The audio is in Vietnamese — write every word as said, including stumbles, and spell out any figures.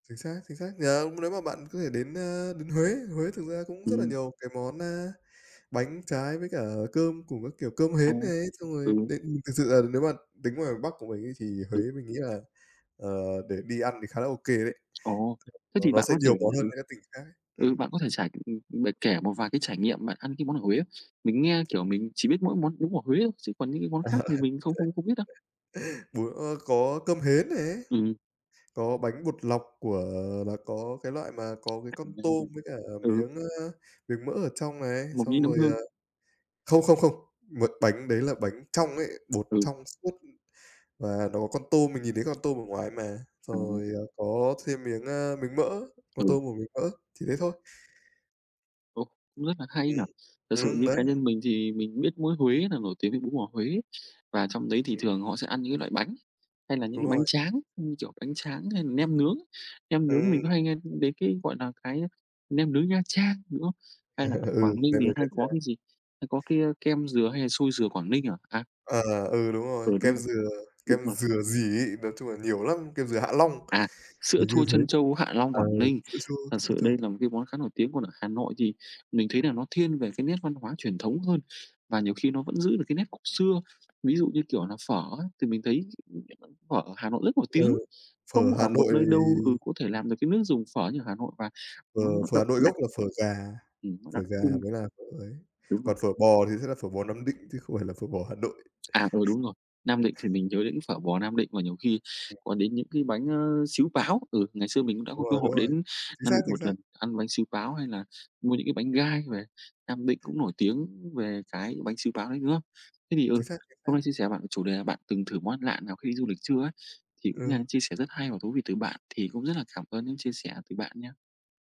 Chính xác, chính xác. Giờ hông nếu mà bạn có thể đến, ơ, đến Huế, Huế thực ra cũng rất là Ừm. nhiều cái món, a, bánh trái với cả cơm cùng các kiểu cơm À, hến này. Xong rồi ừ. đến ừm, thực sự là nếu mà tính ngoài Bắc của mình ấy, thì Huế Đúng. mình nghĩ là, ờ, để đi ăn thì khá là OK đấy. Ồ, [unintelligible] thế Nó thì nó bạn sẽ có thể nhiều món hơn ừ, mấy cái tỉnh khác ấy. ừ, Ừm. bạn có thể trải, ừm bạn kể một vài cái trải nghiệm bạn ăn cái món ở Huế không? Mình nghe, kiểu, mình chỉ biết mỗi món bún bò Huế thôi, chứ còn những cái À, à. món khác thì mình không không không biết đâu. Bún ơ, có cơm hến này. Ừm. Có bánh bột lọc của là có cái loại mà có cái À, con tôm với cả ừ. miếng, ơ, miếng mỡ ở trong này. Mộc nhĩ, Xong nấm rồi, hương. à không, không, không, một bánh đấy là bánh trong ấy, bột Ừ. trong suốt và nó có tôm, mình nhìn thấy con tôm ở ngoài mà. Xong À. rồi, ờ, có thêm miếng, ơ, miếng mỡ, con Ừ. tôm và miếng mỡ, chỉ thế thôi. Ồ, cũng rất là hay Ừm, nhỉ. Thật sự ừm, như đấy. cá nhân mình thì mình biết mỗi Huế là nổi tiếng với bún bò Huế. Và trong đấy thì Ừm. thường họ sẽ ăn những cái loại bánh hay là những Đúng cái rồi, bánh chính tráng, xác. như kiểu bánh tráng hay nem nướng. Nem nướng Ừm. mình có hay nghe, ừm, đến cái, gọi là, cái nem nướng Nha Trang, đúng không? Hay là ở Ừ, Quảng Ninh nem thì nướng Nha hay có Trang. cái gì? Hay có cái, a, kem dừa hay là xôi dừa Quảng Ninh à? À! À, ừ, đúng rồi. Ừ, đúng Kem rồi, dừa, đúng kem rồi. dừa gì ấy? Nói chung là nhiều lắm, kem dừa Hạ Long, À, sữa hình như chua thế. trân châu Hạ Long, Ờ, Quảng Ninh, sữa chua thật trân sự châu. đây là một cái món khá nổi tiếng. Còn ở Hà Nội thì mình thấy là nó thiên về cái nét văn hóa truyền thống hơn, và nhiều khi nó vẫn giữ được cái nét cổ xưa. Ví dụ như kiểu là phở ấy, thì mình thấy [unintelligible] phở ở Hà Nội rất nổi tiếng. Ừ, phở Không Hà ở một Nội nơi đâu, ừ, thì có thể làm được cái nước dùng phở như ở Hà Nội, và Phở món nó phở đậm Hà Nội đặc. gốc là phở gà, Ừm, nó phở đặc gà trưng. mới là phở ấy. Đúng rồi. Còn phở bò thì sẽ là phở bò Nam Định, chứ không phải là phở bò Hà Nội. À, ừ, đúng rồi. Nam Định thì mình nhớ đến phở bò Nam Định, mà nhiều khi Ừm. có đến những cái bánh, ơ, xíu páo. Ừ, ngày xưa mình cũng đã Đúng có cơ rồi, hội đúng rồi. đến Chính Nam xác, Định chính một xác. lần, ăn bánh xíu páo hay là mua những cái bánh gai về. Nam Định cũng nổi tiếng về cái bánh xíu páo đấy, đúng không? Thế thì, ừ, Chính xác, chính hôm nay xác. chia sẻ với bạn về chủ đề là bạn từng thử món ăn lạ nào khi du lịch chưa ấy, thì cũng Ờ. đang chia sẻ rất hay và thú vị từ bạn. Thì cũng rất là cảm ơn những chia sẻ từ bạn nha.